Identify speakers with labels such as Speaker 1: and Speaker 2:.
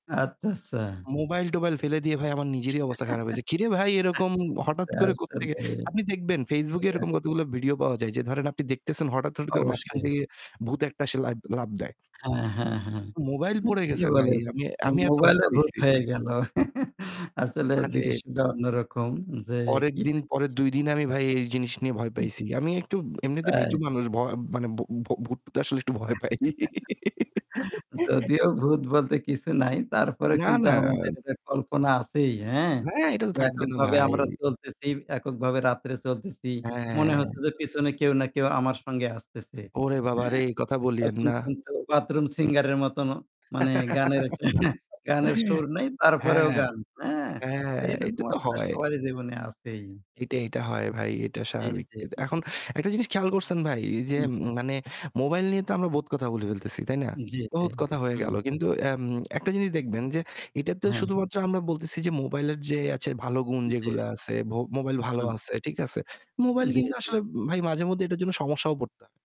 Speaker 1: আচ্ছা, আচ্ছা।
Speaker 2: মোবাইল-টোবাইল ফেলে দিয়ে ভাই আমার নিজেরই অবস্থা খারাপ হয়েছে। কিরে ভাই এরকম হঠাৎ করে কোত্থেকে?
Speaker 1: আসলে।
Speaker 2: আপনি দেখবেন Facebook-এ এরকম
Speaker 1: [unintelligible]
Speaker 2: কতগুলো video পাওয়া যায় যে ধরেন আপনি দেখতেছেন হঠাৎ, হঠাৎ করে মাঝখান
Speaker 1: অবশ্যই।
Speaker 2: থেকে ভূত একটা এসে লা লাফ দেয়
Speaker 1: হ্যাঁ, হ্যাঁ, হ্যাঁ।
Speaker 2: মোবাইল
Speaker 1: না
Speaker 2: পড়ে
Speaker 1: ঠিকই
Speaker 2: গেছে ভাই
Speaker 1: বলেছ।
Speaker 2: আমি, আমি এত ভয়
Speaker 1: মোবাইলে ভূত
Speaker 2: পাইছি।
Speaker 1: হয়ে গেল। আসলে
Speaker 2: [unintelligible]
Speaker 1: দৃশ্যটা অন্যরকম যে
Speaker 2: পরের
Speaker 1: কি।
Speaker 2: দিন, পরের ২ দিন আমি ভাই এই জিনিস নিয়ে ভয়
Speaker 1: [unintelligible]
Speaker 2: পাইছি। আমি একটু এমনিতে ভীতু
Speaker 1: আই
Speaker 2: মানুষ। ভ মানে ভ ভ ভূত-টুতে তো আসলে একটু ভয় পাই।
Speaker 1: যদিও ভূত বলতে কিছু নাই তারপরেও
Speaker 2: না,
Speaker 1: কিন্তু
Speaker 2: না।
Speaker 1: আমাদের একটা কল্পনা আছেই, হ্যাঁ?
Speaker 2: হ্যাঁ, এটা তো থাকবে না
Speaker 1: এককভাবে
Speaker 2: ভাই।
Speaker 1: আমরা চলতেছি, এককভাবে রাত্রে চলতেছি। মনে
Speaker 2: হ্যাঁ।
Speaker 1: হচ্ছে যে পিছনে কেউ না কেউ আমার সঙ্গে আসতেছে,
Speaker 2: ওরে বাবারে!
Speaker 1: হ্যাঁ?
Speaker 2: এই কথা বলিয়েন
Speaker 1: তখন
Speaker 2: না।
Speaker 1: কিন্তু bathroom singer-এর মতনও মানে গানের একটা এহে গানের, গানের সুর নাই তারপরেও
Speaker 2: হ্যাঁ,
Speaker 1: গান, হ্যাঁ?
Speaker 2: হ্যাঁ, এটা
Speaker 1: এইরকম
Speaker 2: তো
Speaker 1: আসলে
Speaker 2: হয়।
Speaker 1: সবারই জীবনে আছেই।
Speaker 2: এটা এটা হয় ভাই। এটা
Speaker 1: জি,
Speaker 2: স্বাভাবিক।
Speaker 1: জি।
Speaker 2: এখন একটা জিনিস খেয়াল করছেন ভাই যে
Speaker 1: উহ
Speaker 2: মানে মোবাইল নিয়ে তো আমরা বহুত কথা বলে ফেলতেছি, তাই না?
Speaker 1: জি, জি।
Speaker 2: বহুত কথা হয়ে
Speaker 1: হুম।
Speaker 2: গেল। কিন্তু এম একটা জিনিস দেখবেন যে এটা তো
Speaker 1: হ্যাঁ।
Speaker 2: শুধুমাত্র আমরা বলতেছি যে মোবাইলের যে আছে ভালো গুণ
Speaker 1: যে
Speaker 2: যেগুলা আছে, ভ মোবাইল ভালো
Speaker 1: উম
Speaker 2: আছে, ঠিক আছে। মোবাইল
Speaker 1: জি,
Speaker 2: কিন্তু
Speaker 1: জি।
Speaker 2: আসলে ভাই মাঝেমধ্যে এটার জন্য সমস্যাও পড়তা